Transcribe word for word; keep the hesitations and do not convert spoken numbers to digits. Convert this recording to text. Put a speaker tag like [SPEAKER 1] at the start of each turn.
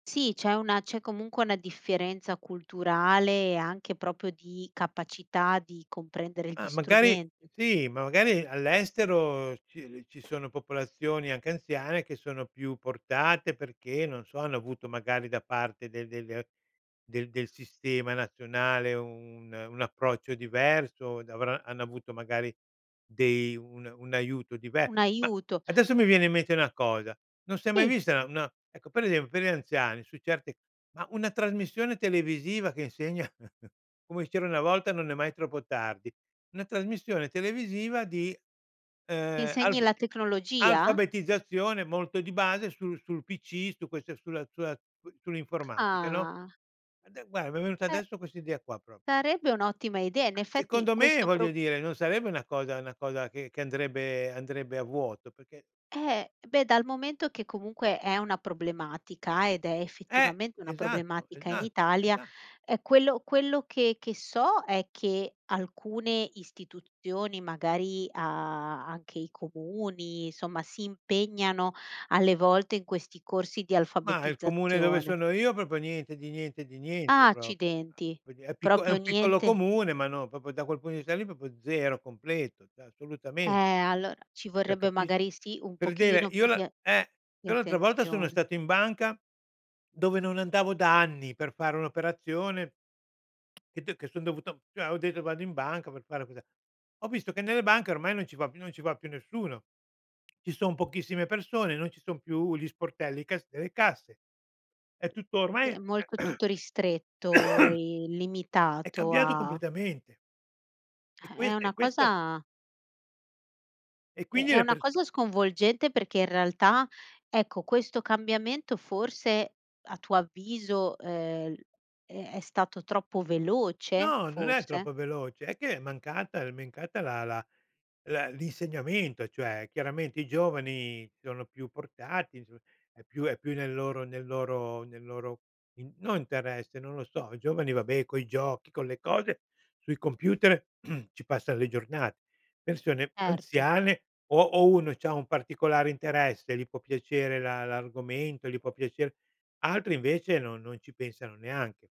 [SPEAKER 1] Sì, c'è una c'è comunque una differenza culturale e anche propio di capacità di comprendere gli
[SPEAKER 2] Ah, magari
[SPEAKER 1] strumenti.
[SPEAKER 2] sì, ma magari all'estero ci l ci sono popolazioni anche anziane che sono più portate perché, non so, hanno avuto magari da parte del del del del del sistema nazionale u un un approccio diverso, d avra hanno avuto magari dei un un aiuto dive
[SPEAKER 1] Un
[SPEAKER 2] ma
[SPEAKER 1] aiuto.
[SPEAKER 2] adesso mi viene in mente una cosa: non si è mai
[SPEAKER 1] ì.
[SPEAKER 2] vista una ecco, per esempio, per gli anziani su certi ma una trasmissione televisiva che insegna, come c'era una volta, "non è mai troppo tardi", una trasmissione televisiva di, ehm,
[SPEAKER 1] Insegni
[SPEAKER 2] alf
[SPEAKER 1] la tecnologia?
[SPEAKER 2] alfabetizzazione molto di base su sul pc, su queste sulla sulla su sull'informatica, no?
[SPEAKER 1] Ah.
[SPEAKER 2] Ade guarda, mi è venuta
[SPEAKER 1] Eh
[SPEAKER 2] adesso quest'idea qua propio.
[SPEAKER 1] sarebbe un'ottima idea. In
[SPEAKER 2] A
[SPEAKER 1] effetti
[SPEAKER 2] secondo me,
[SPEAKER 1] questo
[SPEAKER 2] voglio
[SPEAKER 1] pro
[SPEAKER 2] dire, non sarebbe una cosa una cosa che che andrebbe andrebbe a vuoto, perché
[SPEAKER 1] Eh, beh, dal momento che comunque è una problematica ed è,
[SPEAKER 2] Eh,
[SPEAKER 1] effettivamente, una
[SPEAKER 2] esatto,
[SPEAKER 1] problematica in
[SPEAKER 2] esa
[SPEAKER 1] Italia.
[SPEAKER 2] esa
[SPEAKER 1] Ehm, quello quello che che so è che alcune istituzioni magari a anche i comuni, insomma, si impegnano alle volte in questi corsi di
[SPEAKER 2] Ma il comune dove
[SPEAKER 1] alfabetizzazione.
[SPEAKER 2] sono io propio niente di niente, di niente,
[SPEAKER 1] Ah,
[SPEAKER 2] propo,
[SPEAKER 1] accidenti,
[SPEAKER 2] quindi è picco è
[SPEAKER 1] propio
[SPEAKER 2] un piccolo
[SPEAKER 1] niente.
[SPEAKER 2] comune, ma no propo da quel punto di vista lì propo zero, completo, ceh
[SPEAKER 1] Eh,
[SPEAKER 2] assolutamen
[SPEAKER 1] allora, ci
[SPEAKER 2] ceh
[SPEAKER 1] vorrebbe
[SPEAKER 2] capis
[SPEAKER 1] magari, sì, un
[SPEAKER 2] per dire,
[SPEAKER 1] pochino
[SPEAKER 2] io
[SPEAKER 1] più
[SPEAKER 2] la
[SPEAKER 1] di a
[SPEAKER 2] eh,
[SPEAKER 1] di
[SPEAKER 2] io l'altra volta sono
[SPEAKER 1] attenzione.
[SPEAKER 2] stato in banca dove non andavo da anni per fare un'operazione. Che d che son dovuto ceh ho detto: "Vado in banca per fare questa" ho visto che nelle banche ormai non ci va più non ci va più nessuno. Ci son pochissime persone, non ci son più gli sportelli, i cas e le casse. È tutto
[SPEAKER 1] Sì,
[SPEAKER 2] ormai
[SPEAKER 1] è molto tutto ristretto e
[SPEAKER 2] è
[SPEAKER 1] limitato
[SPEAKER 2] cambiato
[SPEAKER 1] a
[SPEAKER 2] completamente. E
[SPEAKER 1] Eh, è
[SPEAKER 2] quest e
[SPEAKER 1] una
[SPEAKER 2] questo
[SPEAKER 1] cosa
[SPEAKER 2] E
[SPEAKER 1] È
[SPEAKER 2] quindi
[SPEAKER 1] è
[SPEAKER 2] le
[SPEAKER 1] una
[SPEAKER 2] perso
[SPEAKER 1] cosa sconvolgente perché, in realtà, ecco, questo cambiamento forse, a tuo avviso, ehm, l è è stato troppo veloce,
[SPEAKER 2] No, non è
[SPEAKER 1] forse?
[SPEAKER 2] troppo veloce; è che è mancata l è mencata la la la l'insegnamento, cioè chiaramente i giovani sono più portati, so è più è più nel loro nel loro nel loro in no interesse, non lo so. I giovani, vabbè, coi giochi, con le cose, sui computer ci passa le giornate. Persone
[SPEAKER 1] Erto.
[SPEAKER 2] anziane o o uno c'ha un particolare interesse, gli può piacere la l'argomento, gli può piacer altri, invece, no non ci pensano neanche.